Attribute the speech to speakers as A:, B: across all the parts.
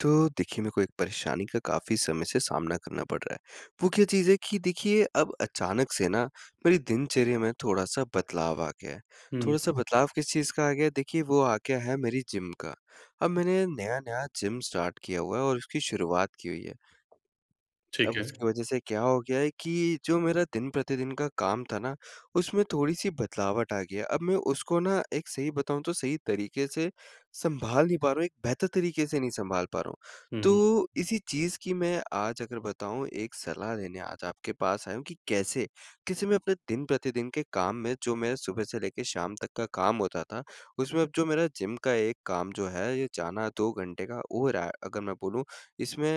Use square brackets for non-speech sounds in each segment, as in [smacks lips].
A: तो देखिए, मेरे को एक परेशानी का काफ़ी समय से सामना करना पड़ रहा है, वो क्या चीज़ है कि देखिए अब अचानक से ना मेरी दिनचर्या में थोड़ा-सा बदलाव आ गया है, थोड़ा-सा
B: हुँ।
A: बदलाव किस चीज़ का आ गया है, देखिए वो आ गया है मेरी जिम का। अब मैंने नया-नया जिम स्टार्ट किया हुआ है और इसकी शुरुआत की हुई है,
B: ठीक
A: अब
B: है।
A: उसकी वजह से क्या हो गया है कि जो मेरा दिन-प्रतिदिन का काम था ना उसमें थोड़ी-सी बदलावट आ गई है, अब मैं उसको ना एक सही बताऊँ तो सही तरीक़े से सँभाल नहीं पा रहा हूँ, एक बेहतर तरीक़े से नहीं सँभाल पा रहा हूँ।
B: हुँ, हुँ।
A: तो इसी चीज़ की मैं आज अगर बताऊँ एक सलाह लेने आज आपके पास आया हूँ कि कैसे, कैसे मैं अपने दिन प्रतिदिन के काम में जो मेरा सुबह से लेके शाम तक का काम होता था उसमें जो मेरा जिम का एक काम जो है, ये जाना 2 घंटे का और ए, अगर मैं बोलूँ इसमें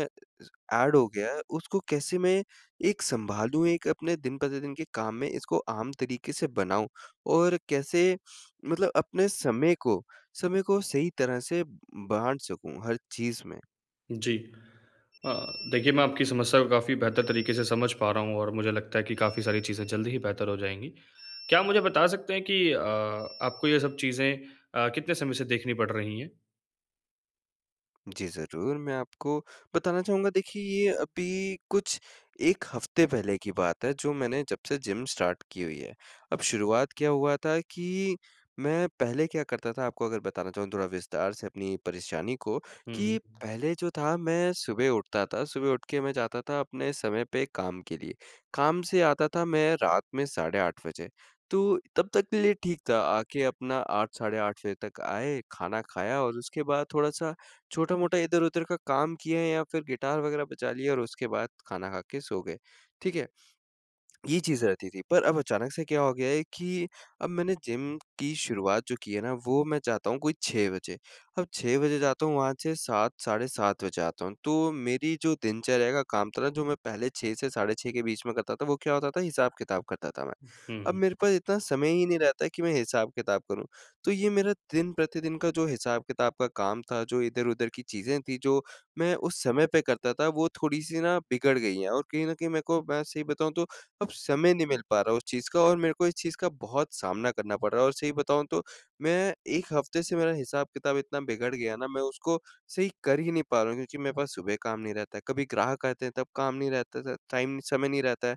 A: एड हो गया है उसको कैसे मैं एक सँभालूँ एक अपने दिन-प्रतिदिन के काम में इसको आम तरीक़े से बनाऊँ? और कैसे मतलब अपने समय को समय को सही तरह से ब बाँट सकूँ हर चीज़ में?
B: जी। अ, देखिए मैं आपकी समस्या को काफ़ी बेहतर तरीके से समझ पा रहा हूँ और मुझे लगता है कि काफ़ी सारी चीज़ें जल्दी ही बेहतर हो जाएँगी। क्या आप मुझे बता सकते हैं कि अ, आपको ये सब चीज़ें अ, कितने समय से देखनी पड़ रही है?
A: जी, ज़रूर मैं आपको बताना चाहूँगा देखिए ये अभी कुछ 1 हफ्ते पहले की बात है जो मैंने जब से जिम स्टार्ट की हुई है, अब शुरुआत क्या हुआ था कि, मैं पहले क्या करता था आपको अगर बताना चाहूँ थोड़ा विस्तार से अपनी परेशानी को,
B: हुँ, हुँ,
A: कि
B: हुँ।
A: पहले जो था मैं सुबह उठता था। सुबह उठके मैं जाता था अपने समय पे काम के लिए, काम से आता था मैं रात में साढ़े 8 बजे, तो तब तक के लिए ठीक था, आके अपना 8 साढ़े 8 फे तक आए, खाना खाया और उसके बाद थोड़ा-सा छोटा-मोटा इधर-उधर का काम किया या फ़िर गिटार वगैरह बजा लिया और उसके बाद खाना खा के सो गए। ठीक है? ये चीज़ रहती थी, पर अब अचानक से क्या हो गया है कि अब मैंने जिम की शुरुआत जो की है ना वो मैं चाहता हूँ कोई 6 बजे, अब 6 बजे जाता हूँ वहाँ से 7 साढ़े 7 बजे आता हूँ। तो मेरी जो दिनचर्या का काम था ना, जो मैं पहले 6 से साढ़े 6 के बीच में करता था, वो क्या होता था हिसाब-किताब करता था मैं,
B: उ हुँ,
A: अब
B: हुँ।
A: मेरे पास इतना समय ही नहीं रहता कि मैं हिसाब-किताब करूँ। तो ये मेरा दिन-प्रतिदिन का जो हिसाब-किताब का काम था, जो इधर-उधर की चीज़ें थी, जो मैं उस समय पे करता था, वो थोड़ी-सी ना बिगड़ गई है और कहीं न कहीं मेरे को मैं सही बताऊँ तो अब समय नहीं मिल पा रहा उस चीज़ का। और मेरे को इस चीज़ का बहुत सामना करना पड़ रहा है और सही बताऊँ तो मैं 1 हफ्ते से मेरा हिसाब-किताब इतना बिगड़ गया ना, मैं उसको सही कर ही नहीं पा रहा हूँ क्योंकि मेरे पास सुबह काम नहीं रहता है, कभी ग्राहक आते हैं, तब काम नहीं रहता था टाइम, समय नहीं रहता है।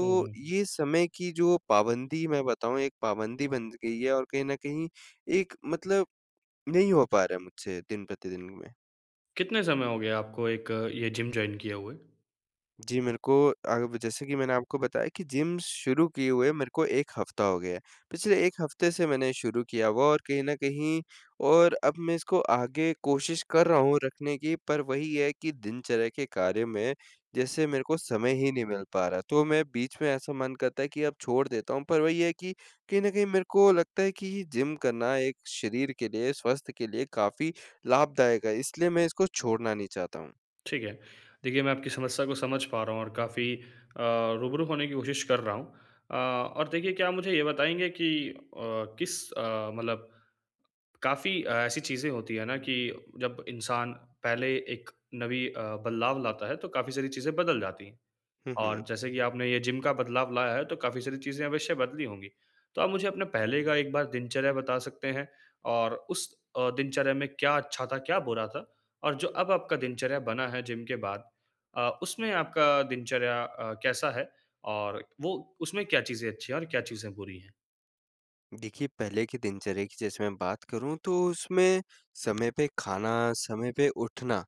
B: हुँ, हुँ, हुँ।
A: ये समय की जो पाबंदी मैं बताऊँ एक पाबंदी बन ज गई है और कहीं न कहीं एक मतलब नहीं हो पा रहा है मुझसे दिन-प्रतिदिन में।
B: कितने समय हो गया आपको एक ये जिम जॉइन किए हुए?
A: जी, मेरे को आग भी जैसे कि मैंने आपको बताया कि जिम शुरू किए हुए मेरे को 1 हफ्ता हो गया है, पिछले 1 हफ्ते से मैंने शुरू किया होगा और कहीं न कहीं और अब मैं इसको आगे कोशिश कर रहा हूँ रखने की, पर वही है कि दिनचर्या के कार्य में जैसे मेरे को समय ही नहीं मिल पा रहा है। तो मैं बीच में ऐसा मन करता है कि अब छोड़ देता हूँ, पर वही है कि, कहीं न कहीं मेरे को लगता है कि जिम करना एक शरीर के लिए, स्वास्थ्य के लिए काफ़ी लाभदायक है, इसलिए मैं इसको छोड़ना नहीं चाहता हूँ।
B: ठीक है, देखिए, मैं आपकी समस्या को समझ पा रहा हूँ और काफ़ी अ, रूबरू होने की कोशिश कर रहा हूँ। अ, और देखिए क्या आप मुझे ये बताएँगे कि अ, किस अ, मतलब काफ़ी अ, ऐसी चीज़ें होती हैं ना, कि जब इंसान पहले एक नवी अ, बदलाव लाता है, तो काफ़ी सारी चीज़ें बदल जाती हैं।
A: हुँ,
B: और
A: हुँ।
B: जैसे कि आपने ये जिम का बदलाव लाया है, तो काफ़ी सारी चीज़ें अवश्य बदली होंगी, तो आप मुझे अपने पहले का एक बार दिनचर्या बता सकते हैं, और उस अ, दिनचर्या में क्या अच्छा था, क्या बुरा था और जो अब आपका दिनचर्या बना है जिम के बाद अ, उसमें आपका दिनचर्या अ, कैसा है? और वो उसमें क्या चीज़ें अच्छी हैं और क्या चीज़ें बुरी हैं?
A: देखिए, पहले के दिनचर्या की जैसे मैं बात करूँ तो उसमें समय पे खाना, समय पे उठना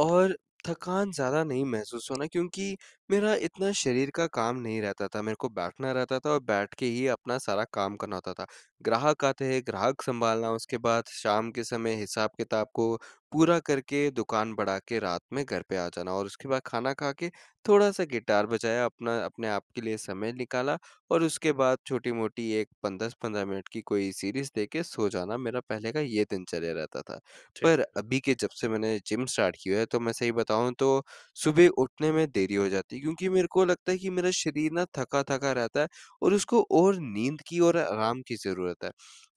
A: और थकान ज़्यादा नहीं महसूस होना क्योंकि मेरा इतना शरीर का काम नहीं रहता था, मेरे को बैठना रहता था और बैठ के ही अपना सारा काम करना होता था। ग्राहक आते हैं, ग्राहक सँभालना उसके बाद शाम के समय हिसाब-किताब को पूरा करके दुकान बढ़ा के रात में घर पे आ जाना और उसके बाद खाना खा के थोड़ा-सा गिटार बजाया अपना, अपने आपके लिए समय निकाला और उसके बाद छोटी-मोटी एक पन 10-15 मिनट की कोई सीरीज़ देख के सो जाना, मेरा पहले का ये दिनचर्या रहता था,
B: ठीक।
A: पर अभी के जब से मैंने जिम स्टार्ट किया है तो मैं सही बताऊँ तो सुबह उठने में देरी हो जाती है क्योंकि मेरे को लगता है कि मेरा शरीर ना थका-थका रहता है और उसको और नींद की और आराम की ज़रूरत है,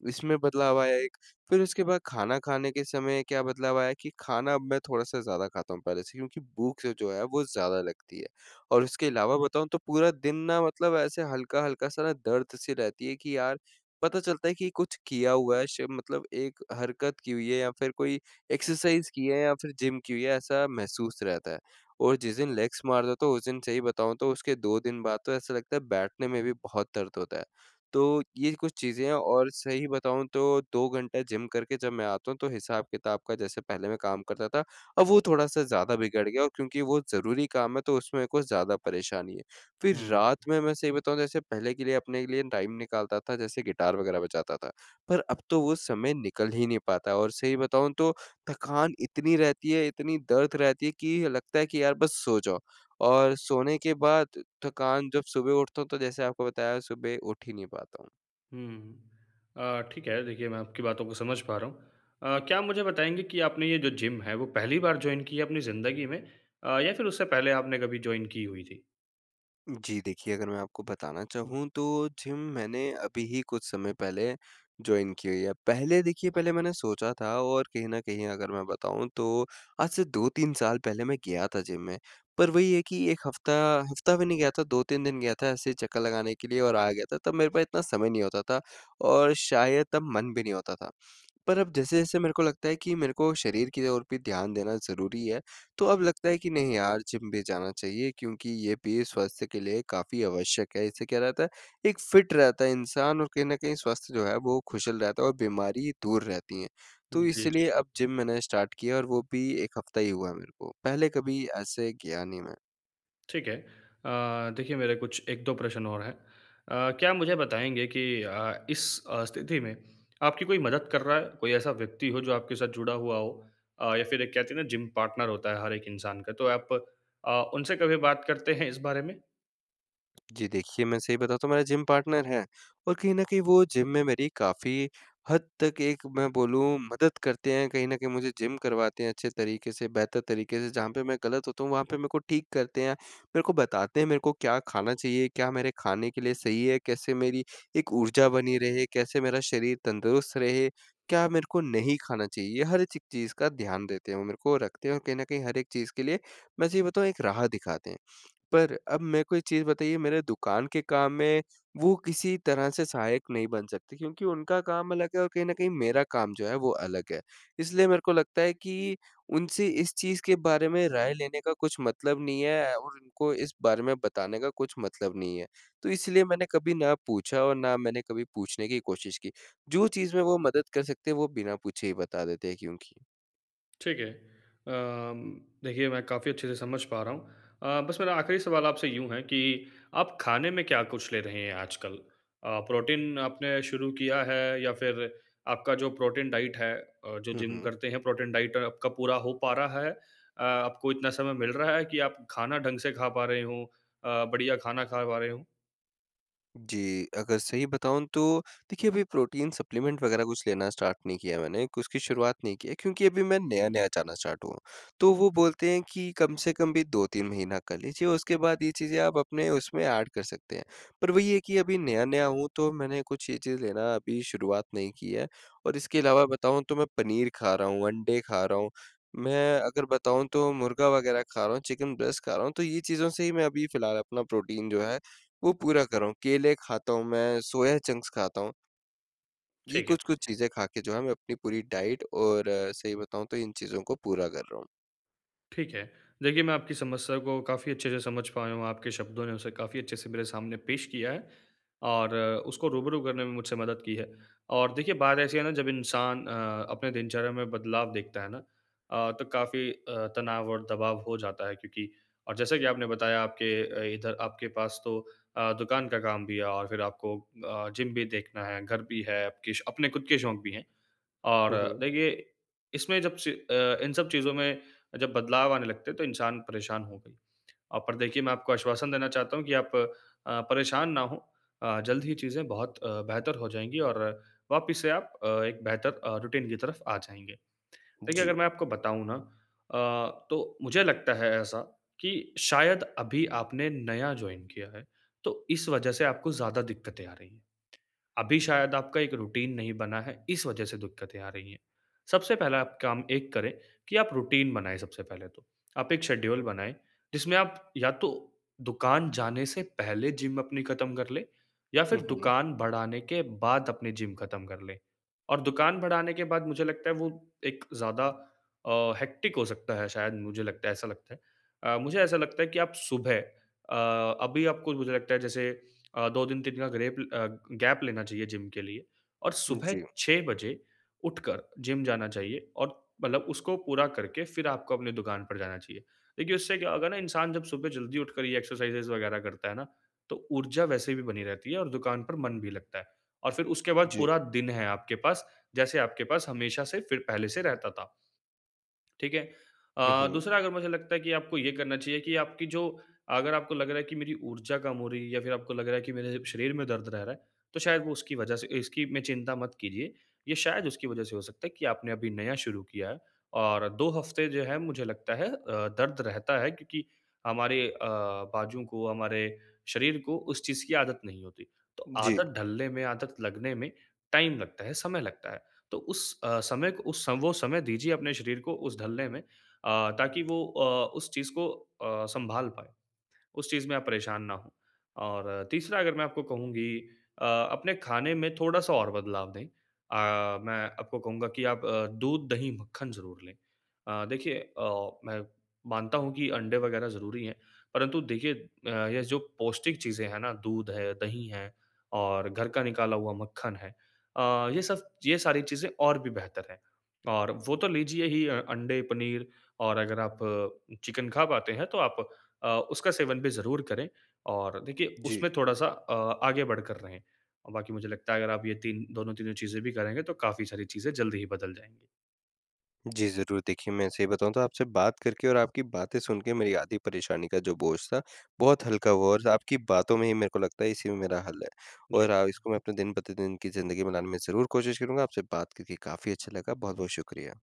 A: इसमें बदलाव आया है एक, फिर उसके बाद खाना खाने के समय क्या बदलाव आया है कि खाना अब मैं थोड़ा-सा ज़्यादा खाता हूँ पहले से क्योंकि भूख से जो है वो ज़्यादा लगती है और उसके अलावा बताऊँ तो पूरा दिन ना मतलब ऐसे हल्का-हल्का सा ना दर्द-सी रहती है कि यार, पता चलता है कि कुछ किया हुआ है श मतलब एक हरकत की हुई है या फिर कोई एक्सरसाइज़ की है या फिर जिम की हुई है, ऐसा महसूस रहता है। और जिस दिन लेग्स मार लेता हूँ उस दिन सही बताऊँ तो उसके 2 दिन बाद तो ऐसा लगता है बैठने में भी बहुत दर्द होता है, तो ये कुछ चीज़ें हैं और सही बताऊँ तो 2 घंटा जिम करके जब मैं आता हूँ, तो हिसाब-किताब का जैसे पहले मैं काम करता था, अब वो थोड़ा-सा ज़्यादा बिगड़ गया और क्योंकि वो ज़रूरी काम है, तो उसमें कुछ ज़्यादा परेशानी है, फिर
B: हुँ।
A: रात में मैं सही बताऊँ जैसे पहले के लिए अपने लिए टाइम निकालता था, जैसे गिटार वग़ैरह बजाता था, पर अब तो वो समय निकल ही नहीं पाता है और सही बताऊँ तो थकान इतनी रहती है, इतनी दर्द रहती है कि लगता है कि यार बस सो जाओ और सोने के बाद थकान जब सुबह उठता हूँ, तो जैसे आपको बताया सुबह उठ ही नहीं पाता हूँ।
B: हुँ। अ, ठीक है। देखिए, मैं आपकी बातों को समझ पा रहा हूँ अ, क्या आप मुझे बताएँगे कि आपने ये जो जिम है, वो पहली बार जॉइन की है अपनी ज़िंदगी में? अ, या फिर उससे पहले आपने कभी जॉइन की हुई थी?
A: जी, देखिए, अगर मैं आपको बताना चाहूँ तो जिम मैंने अभी ही कुछ समय पहले जॉइन की हुई है, पहले देखिए, पहले मैंने सोचा था और कहीं न कहीं अगर मैं बताऊँ तो आज से 2-3 साल पहले मैं गया था जिम में, पर वही है कि 1 हफ्ता हफ्ता भी नहीं गया था, 2-3 दिन गया था ऐसे ही चक्कर लगाने के लिए और आ गया था, तब मेरे पास इतना समय नहीं होता था और शायद तब मन भी नहीं होता था। पर अब जैसे-जैसे मेरे को लगता है कि मेरे को शरीर की ओर पे ध्यान देना ज़रूरी है, तो अब लगता है कि नहीं यार, जिम भी जाना चाहिए क्योंकि ये भी स्वास्थ्य के लिए काफ़ी आवश्यक है। इससे क्या रहता है, एक फिट रहता है इंसान और कहीं न कहीं स्वास्थ्य जो है वो खुशहाल रहता है और बीमारी दूर रहती है, तो
B: जी, जी।
A: इसीलिए अब जिम मैंने स्टार्ट किया है और वो भी 1 हफ्ता ही हुआ है मेरे को, पहले कभी ऐसे गया नहीं मैं।
B: ठीक है। अ, देखिए मेरे कुछ 1-2 प्रश्न और हैं अ, क्या आप मुझे बताएँगे कि अ, इस अ, स्थिति में आपकी कोई मदद कर रहा है, कोई ऐसा व्यक्ति हो जो आपके साथ जुड़ा हुआ हो? अ, या फिर एक कहते हैं ना जिम पार्टनर होता है हर एक इंसान का तो आप अ, उनसे कभी बात करते हैं इस बारे में?
A: जी, देखिए मैं सही बताता हूँ मेरा जिम पार्टनर है और कहीं न कहीं वो जिम में मेरी काफ़ी हद तक एक मैं बोलूँ मदद करते हैं, कहीं न कहीं मुझे जिम करवाते हैं अच्छे तरीके से बेहतर तरीके से, जहाँ पर मैं गलत होता हूँ वहाँ पे मेरे को ठीक करते हैं, मेरे को बताते हैं मेरे को क्या खाना चाहिए, क्या मेरे खाने के लिए सही है, कैसे मेरी एक ऊर्जा बनी रहे, कैसे मेरा शरीर तंदुरुस्त रहे, क्या मेरे को नहीं खाना चाहिए, ये हर चक चीज़ का ध्यान देते हैं वो मेरे को रखते हैं और कहीं न कहीं हर एक चीज़ के लिए मैं सही बताऊँ एक राह दिखाते हैं। पर अब मेरे को एक चीज़ बताइए मेरे दुकान के काम में वो किसी तरह से सहायक नहीं बन सकते क्योंकि उनका काम अलग है और कहीं न कहीं मेरा काम जो है वो अलग है, इसलिए मेरे को लगता है कि उनसे इस चीज़ के बारे में राय लेने का कुछ मतलब नहीं है और उनको इस बारे में बताने का कुछ मतलब नहीं है, तो इसलिए मैंने कभी ना पूछा और ना मैंने कभी पूछने की कोशिश की। जो चीज़ में वो मदद कर सकते हैं वो बिना पूछे ही बता देते हैं क्योंकि।
B: ठीक है, अम, देखिए मैं काफ़ी अच्छे से समझ पा रहा हूँ। अ, बस मेरा आखरी सवाल आपसे यूँ है कि आप खाने में क्या कुछ ले रहे हैं आजकल? अ, प्रोटीन आपने शुरू किया है या फिर आपका जो प्रोटीन डाइट है अ, जो
A: हुँ,
B: जिम
A: हुँ।
B: करते हैं प्रोटीन डाइट आपका पूरा हो पा रहा है? अ, आपको इतना समय मिल रहा है कि आप खाना ढंग से खा पा रहे हों, अ, बढ़िया खाना खा पा रहे हों?
A: जी, अगर सही बताऊँ तो देखिए अभी प्रोटीन सप्लीमेंट वग़ैरह कुछ लेना स्टार्ट नहीं किया मैंने, एक उसकी शुरुआत नहीं की है क्योंकि अभी मैं नया-नया जाना स्टार्ट हुआ हूँ, तो वो बोलते हैं कि कम से कम भी 2-3 महीना कर लीजिए, उसके बाद ये चीजें आप अपने उसमें एड कर सकते हैं, पर वही है कि अभी नया-नया हूँ तो मैंने कुछ ये चीज़ लेना अभी शुरुआत नहीं की है और इसके अलावा बताऊँ तो मैं पनीर खा रहा हूँ, अंडे खा रहा हूँ, मैं अगर बताऊँ तो मुर्गा वग़ैरह खा रहा हूँ, चिकन ब्रेस्ट खा रहा हूँ, तो ये चीज़ों से ही मैं अभी फ़िलहाल अपना प्रोटीन जो है वो पूरा कर रहा हूँ, केले खाता हूँ, मैं सोया चंक्स खाता हूँ। ये
B: ठीक है।
A: कुछ-कुछ चीज़ें खा के जो है मैं अपनी पूरी डाइट और सही बताऊँ तो इन चीज़ों को पूरा कर रहा हूँ।
B: ठीक है, देखिए मैं आपकी समस्या को काफ़ी अच्छे से समझ पाया हूँ, आपके शब्दों ने उसे काफ़ी अच्छे से मेरे सामने पेश किया है और उसको रूबरू करने में मुझसे मदद की है और देखिए बात ऐसी है ना जब इंसान अ, अपने दिनचर्या में बदलाव देखता है ना अ, तो काफ़ी अ, तनाव और दबाव हो जाता है क्योंकि और जैसा कि आपने बताया आपके अ, इधर आपके पास तो अ, दुकान का काम भी है और फिर आपको अ, जिम भी देखना है, घर भी है, आपके श अपने खुद के शौक़ भी हैं
A: हुँ,
B: और
A: हुँ।
B: देखिए इसमें जब स अ, इन सब चीज़ों में जब बदलाव आने लगते हैं तो इंसान परेशान होगा ही [smacks lips] अ, पर देखिए मैं आपको आश्वासन देना चाहता हूँ कि आप अ, परेशान ना हों। अ, जल्द ही चीज़ें बहुत अ, बेहतर हो जाएँगी और वापिस से आप अ, एक बेहतर अ, रूटीन की तरफ़ आ जाएँगे। [smacks lips] देखिए अगर
A: जी।
B: मैं आपको बताऊँ ना अ, तो मुझे लगता है ऐसा कि शायद अभी आपने नया जॉइन किया है, तो इस वज़ह से आपको ज़्यादा दिक्कतें आ रही हैं, अभी शायद आपका एक रूटीन नहीं बना है, इस वज़ह से दिक्कतें आ रही हैं। सबसे पहला आप काम एक करें कि आप रूटीन बनाएँ सबसे पहले तो, आप एक शेड्यूल बनाएँ, जिसमें आप या तो दुकान जाने से पहले जिम अपनी खत्म कर लें या फिर
A: हुँ, हुँ।
B: दुकान बढ़ाने के बाद अपनी जिम खत्म कर लें और दुकान बढ़ाने के बाद मुझे लगता है वो एक ज़्यादा अ, हेक्टिक हो सकता है शायद मुझे लगता है ऐसा लगता है। अ, मुझे ऐसा लगता है कि आप सुबह अ, अभी आपको मुझे लगता है जैसे [clicks tongue] अ, 2 दिन 3 का ग्रेप अ, गैप लेना चाहिए जिम के लिए और सुबह
A: जी।
B: 6 बजे उठकर जिम जाना चाहिए और मतलब उसको पूरा करके फिर आपको अपनी दुकान पर जाना चाहिए। देखिए उससे क्या होगा ना इंसान जब सुबह जल्दी उठकर ये एक्सरसाइजेस वग़ैरह करता है ना, तो ऊर्जा वैसे भी बनी रहती है और दुकान पर मन भी लगता है और फिर उसके बाद
A: जी।
B: पूरा दिन है आपके पास, जैसे आपके पास हमेशा से फिर पहले से रहता था। ठीक है?
A: हुँ,
B: अ,
A: हुँ।
B: दूसरा अगर मुझे लगता है कि आपको ये करना चाहिए कि आपकी जो अगर आपको लग रहा है कि मेरी ऊर्जा कम हो रही है या फिर आपको लग रहा है कि मेरे शरीर में दर्द रह रहा है, तो शायद वो उसकी वज़ह से इसकी में चिंता मत कीजिए, ये शायद उसकी वज़ह से हो सकता है कि आपने अभी नया शुरू किया है और 2 हफ़्ते जो है मुझे लगता है अ, दर्द रहता है क्योंकि हमारे अ, बाजू को, हमारे शरीर को उस चीज़ की आदत नहीं होती, तो
A: जी।
B: आदत ढलने में, आदत लगने में टाइम लगता है, समय लगता है। तो उस अ, समय को उस वो समय दीजिए अपने शरीर को उस ढलने में अ, ताकि वो अ, उस चीज़ को अ, सँभाल पाए, उस चीज़ में आप परेशान ना हों और तीसरा अगर मैं आपको कहूँगी अ, अपने खाने में थोड़ा-सा और बदलाव दें, अ, मैं आपको कहूँगा कि आप अ, दूध, दही, मक्खन ज़रूर लें। अ, देखिए अ, मैं मानता हूँ कि अंडे वग़ैरह ज़रूरी हैं, परंतु देखिए अ, ये जो पौष्टिक चीज़ें हैं ना, दूध है, दही हैं और घर का निकाला हुआ मक्खन है, अ, ये सब ये सारी चीजें और भी बेहतर हैं और वो तो लीजिए ही अ अंडे, पनीर और अगर आप चिकन खा पाते हैं तो आप अ, उसका सेवन भी ज़रूर करें और देखिए
A: जी।
B: उसमें थोड़ा-सा अ, आगे बढ़कर रहें, बाकी मुझे लगता है अगर आप ये 3 दोनों तीनों चीज़ें भी करेंगे तो काफ़ी सारी चीज़ें जल्दी ही बदल जाएँगी।
A: जी, ज़रूर देखिए मैं सही बताऊँ तो आपसे बात करके और आपकी बातें सुन के मेरी आधी परेशानी का जो बोझ था बहुत हल्का हुआ और आपकी बातों में ही मेरे को लगता है इसी में मेरा हल है
B: जी।
A: और आ इसको मैं अपने दिन प्रतिदिन की ज़िंदगी में लाने में ज़रूर कोशिश करूँगा। आपसे बात करके काफ़ी अच्छा लगा, बहुत-बहुत शुक्रिया।